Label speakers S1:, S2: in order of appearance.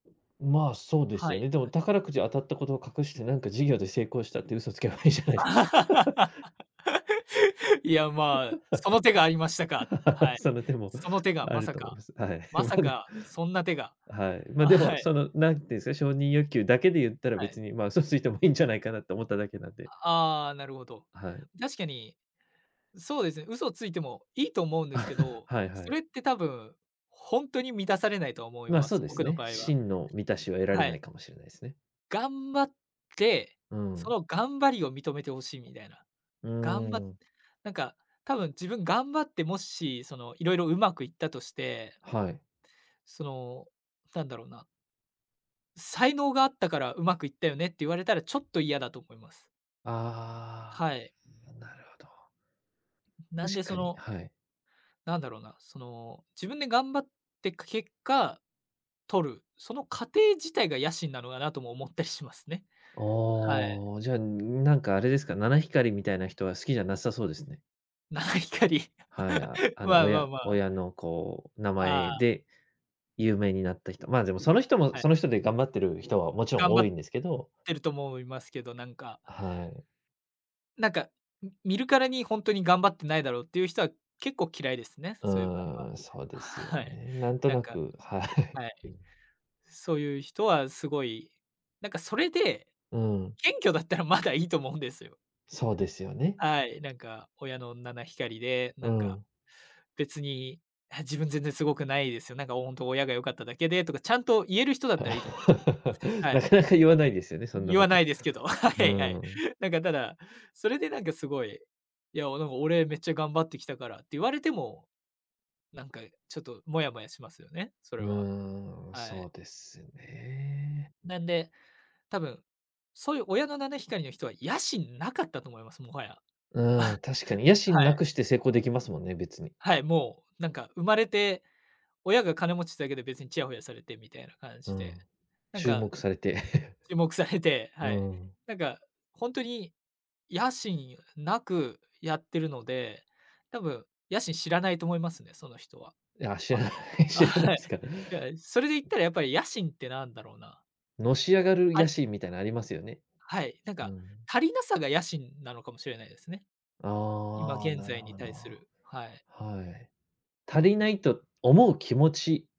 S1: ま、そうで
S2: は
S1: すよ
S2: い。
S1: ね。でも宝くじ当たったことを隠してなんか事業で成功したって嘘つけばいいじゃないですか。
S2: いやま、その手がありましたか。は い。
S1: その手も
S2: その手が
S1: あ
S2: ま
S1: る
S2: さ
S1: と思い
S2: か
S1: ます。はい、
S2: まさ
S1: まで
S2: かそんな手が
S1: はい、ま、
S2: あ、
S1: で
S2: は
S1: も、
S2: い。
S1: その何て言うですか、承認欲求だけで言ったら、
S2: は
S1: 別
S2: い。
S1: にま、嘘ついてもいいんじゃないかなって思っただけなんで。
S2: ああ、なるほど。
S1: はい。
S2: 確かに、そうですね、嘘をついてもいいと思うんですけ ど、
S1: はいは
S2: そ
S1: い。
S2: れって多分ほんとに満たされないと思い
S1: ま、
S2: ま
S1: そう
S2: す。
S1: で
S2: 僕
S1: す
S2: の
S1: ね、
S2: 場合は。
S1: 真の満たしは得られ
S2: は
S1: な
S2: い。
S1: いかもしれないですね。
S2: 頑張って、
S1: う
S2: そ
S1: ん。
S2: の頑張りを認めて欲しいみたいな。
S1: う
S2: 頑張っ
S1: ん。
S2: なんか多分自分頑張って、もしその、いろいろうまくいったとして
S1: はい。
S2: その、なんだろうな。才能があったからうまくいったよねって言われたらちょっと嫌だと思います。
S1: あ
S2: はい。
S1: あ、なるほど。
S2: なん
S1: 確
S2: でそ
S1: かに、
S2: の
S1: はい。
S2: なんだろうな、その自分で頑張ってく結果、取るその過程自体が野心なのかなとも思ったりしますね。はい。
S1: ああ、じゃあ、なんかあれですか、七光りみたいな人は好きじゃなさそうですね。
S2: 七光り。
S1: はい、あの、
S2: まあまあ
S1: 親
S2: まあ。
S1: 親のこう名
S2: あ
S1: 前
S2: あ。
S1: で有名になった人まあ、でもその人も、
S2: はい。
S1: その人で頑張ってる人はもちろん
S2: 頑張
S1: 多
S2: っ
S1: いんですけど。
S2: てると思いますけど、なんか
S1: はい。
S2: なんか、見るからにほんとに頑張ってないだろうっていう人は結構嫌いですね。
S1: う
S2: そういう場
S1: ーん、そうですよ
S2: 合は。はい。
S1: ね、なんと
S2: なん
S1: な
S2: か
S1: くは
S2: はい。
S1: い。
S2: そういう人はすごい、なんかそれで、
S1: うん。
S2: 謙虚だったらまだいいと思うんですよ。
S1: そうですよね。
S2: はい、なんか、親の七光で、な
S1: う
S2: んか、
S1: ん。
S2: 「別に、は自分全然すごくないですよ。なんか本当親が良かっただけで」とか、ちゃんと言える人だったらいいと思うんですよ。は
S1: な
S2: い。
S1: かなか言わないですよね、そんな
S2: 言
S1: こ
S2: わ
S1: と。
S2: ないですけど、はいは
S1: う
S2: い。
S1: ん。
S2: なんかただ、それでなんかすごいいや、「でも俺めっちゃ頑張ってきたから」って言われても、なんか、ちょっとモヤモヤしますよね、そ
S1: う
S2: れは。
S1: ーん、
S2: は
S1: そ
S2: い。
S1: うですね。
S2: なんで、多分、そういう親の七光りの人は野心なかったと思います。もはや。
S1: うん、確かに。野
S2: は
S1: 心な
S2: い。
S1: くして成功できますもんね、別に。
S2: はい、もう、なんか生まれて、親が金持ちだけで別にちやほやされてみたいな感
S1: う
S2: じで。
S1: ん。
S2: なん
S1: 注
S2: か
S1: 目されて。
S2: 注目されて、は
S1: う
S2: い。
S1: ん。
S2: なんかほんとに野心なくやってるので、多分野心知らないと思いますね、その人は。
S1: いや、知
S2: あ、
S1: らない、
S2: あ、
S1: 知らない
S2: はい。
S1: すか。
S2: いや、それで言ったらやっぱり野心ってなんだろうな。
S1: のし上がる
S2: あ
S1: 野
S2: る
S1: 心みたいなありますよね。
S2: はい、なん
S1: う
S2: か
S1: ん。
S2: 足りなさが野心なのかもしれないですね。今
S1: ああ、
S2: 現
S1: なる
S2: 在に
S1: ほ
S2: 対す
S1: ど。
S2: るはい。
S1: はい。足りないと思う気持ち